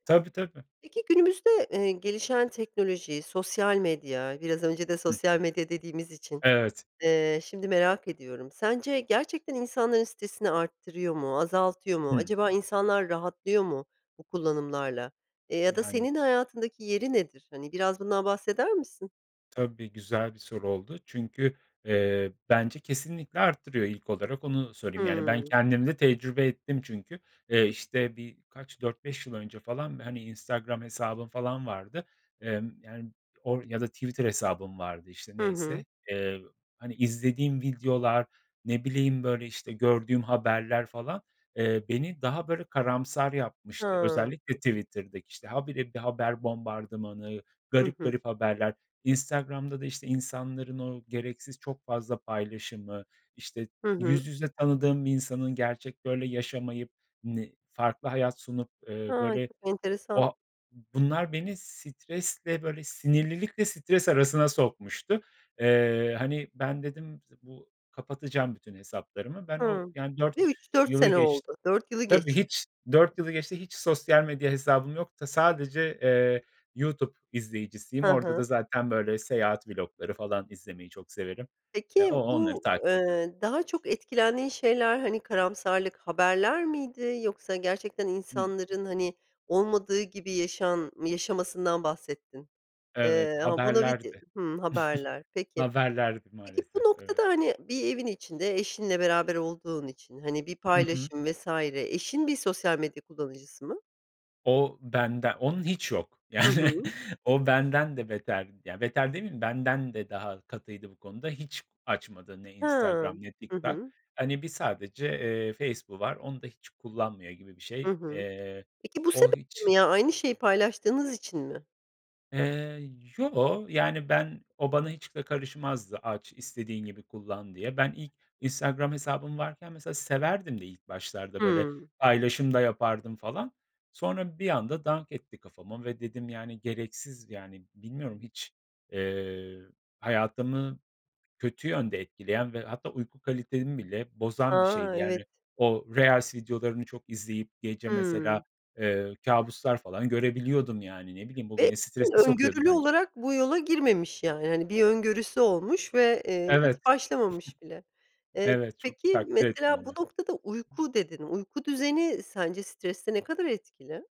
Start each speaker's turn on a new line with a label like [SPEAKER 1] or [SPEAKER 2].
[SPEAKER 1] Tabii tabii.
[SPEAKER 2] Peki, günümüzde, eee, gelişen teknoloji, sosyal medya, biraz önce de
[SPEAKER 1] Hı hı.
[SPEAKER 2] sosyal medya dediğimiz için,
[SPEAKER 1] Evet.
[SPEAKER 2] eee, şimdi merak ediyorum, sence gerçekten insanların stresini arttırıyor mu, azaltıyor mu,
[SPEAKER 1] Hımm.
[SPEAKER 2] acaba insanlar rahatlıyor mu bu kullanımlarla, eee, ya da
[SPEAKER 1] Yani.
[SPEAKER 2] senin hayatındaki yeri nedir, hani biraz bundan bahseder misin?
[SPEAKER 1] Tabii, güzel bir soru oldu. Çünkü, eee, bence kesinlikle arttırıyor ilk olarak, onu söyleyeyim. Yani, ben
[SPEAKER 2] Hımm.
[SPEAKER 1] kendimde tecrübe ettim çünkü. Eee, işte, bir kaç, 4-5 yıl önce falan, hani, Instagram hesabım falan vardı. Emm, yani or ya da Twitter hesabım vardı işte,
[SPEAKER 2] Hı hı.
[SPEAKER 1] neyse. Eee, hani, izlediğim videolar, ne bileyim böyle, işte, gördüğüm haberler falan, eee, beni daha böyle karamsar yapmıştı
[SPEAKER 2] Ha.
[SPEAKER 1] özellikle Twitter'daki, işte, ha, bire bir haber bombardımanı,
[SPEAKER 2] Hı
[SPEAKER 1] garip
[SPEAKER 2] hı.
[SPEAKER 1] garip haberler, Instagram'da da, işte, insanların o gereksiz çok fazla paylaşımı, işte,
[SPEAKER 2] Hı
[SPEAKER 1] yüz
[SPEAKER 2] hı.
[SPEAKER 1] yüze tanıdığım bir insanın gerçekte öyle yaşamayıp ni farklı hayat sunup, eee,
[SPEAKER 2] Ha.
[SPEAKER 1] böyle,
[SPEAKER 2] Çok
[SPEAKER 1] eee, o
[SPEAKER 2] enteresan.
[SPEAKER 1] ha bunlar beni stresle, böyle sinirlilikle stres arasına sokmuştu. Eee, hani, ben dedim z bu: "Kapatacağım bütün hesaplarımı." Ben o,
[SPEAKER 2] Hımm,
[SPEAKER 1] yani 4
[SPEAKER 2] ve 3-4
[SPEAKER 1] yılı
[SPEAKER 2] sene
[SPEAKER 1] geçt
[SPEAKER 2] oldu, 4 yılı
[SPEAKER 1] tabii
[SPEAKER 2] geçti.
[SPEAKER 1] hiç, 4 yılı geçti hiç sosyal medya hesabım yok da. Sadece, eee, YouTube izleyicisiyim.
[SPEAKER 2] Hı
[SPEAKER 1] Orada da
[SPEAKER 2] hı.
[SPEAKER 1] zaten böyle seyahat vlogları falan izlemeyi çok severim. Eee,
[SPEAKER 2] Peki
[SPEAKER 1] o onları
[SPEAKER 2] bu,
[SPEAKER 1] takip ediyorum.
[SPEAKER 2] eee, daha çok etkilendiğin şeyler, hani karamsarlık haberler miydi, yoksa gerçekten
[SPEAKER 1] Hımm.
[SPEAKER 2] insanların hani olmadığı gibi yaşan yaşamasından bahsettin?
[SPEAKER 1] Evet,
[SPEAKER 2] Eee, ama buna bir de,
[SPEAKER 1] haberlerdi.
[SPEAKER 2] hımm, haberler. Peki,
[SPEAKER 1] Haberlerdi
[SPEAKER 2] peki, bu
[SPEAKER 1] maalesef ,evet.
[SPEAKER 2] noktada hani bir evin içinde eşinle beraber olduğun için, hani bir
[SPEAKER 1] Hı hı.
[SPEAKER 2] paylaşım vs. eşin bir sosyal medya kullanıcısı mı?
[SPEAKER 1] O bende onun hiç yok
[SPEAKER 2] Hı
[SPEAKER 1] yani,
[SPEAKER 2] hı.
[SPEAKER 1] o benden de beter, ya beter demeyeyim, benden de daha katıydı bu konuda. Hiç açmadı ne
[SPEAKER 2] Ha.
[SPEAKER 1] Instagram ne
[SPEAKER 2] Hı
[SPEAKER 1] TikTok.
[SPEAKER 2] hı.
[SPEAKER 1] Hani bir sadece, eee, Facebook'u var, onu da hiç kullanmıyor gibi bir
[SPEAKER 2] Hı
[SPEAKER 1] şey,
[SPEAKER 2] hı.
[SPEAKER 1] eee.
[SPEAKER 2] Peki, bu
[SPEAKER 1] O
[SPEAKER 2] sebeple
[SPEAKER 1] hiç
[SPEAKER 2] mi ya aynı şeyi paylaştığınız için mi?
[SPEAKER 1] Eee, yoo, yani, ben, o bana hiç de karışmazdı, aç istediğin gibi kullan diye. Ben, ilk Instagram hesabım varken mesela severdim de ilk başlarda böyle
[SPEAKER 2] Hımm.
[SPEAKER 1] paylaşım da yapardım falan. Sonra bir anda dank etti kafama ve dedim, yani, gereksiz, yani, bilmiyorum hiç, eee, hayatımı kötü yönde etkileyen ve hatta uyku kalitemi bile bozan bir
[SPEAKER 2] A!
[SPEAKER 1] şeydi,
[SPEAKER 2] Evet.
[SPEAKER 1] yani, o reels videolarını çok izleyip gece mesela,
[SPEAKER 2] Hımm.
[SPEAKER 1] eee, kabuslar falan görebiliyordum, yani, ne bileyim, bu
[SPEAKER 2] Ve
[SPEAKER 1] beni
[SPEAKER 2] [unintelligible]
[SPEAKER 1] strese sokuyordu
[SPEAKER 2] öngörülü
[SPEAKER 1] benc
[SPEAKER 2] olarak bu yola girmemiş, yani, hani, bir öngörüsü olmuş ve, eee, hiç
[SPEAKER 1] Evet.
[SPEAKER 2] başlamamış bile. Eee,
[SPEAKER 1] Evet, çok
[SPEAKER 2] peki,
[SPEAKER 1] takdir ettim
[SPEAKER 2] mesela
[SPEAKER 1] onu.
[SPEAKER 2] bu noktada uyku dedin, uyku düzeni sence streste ne kadar etkili?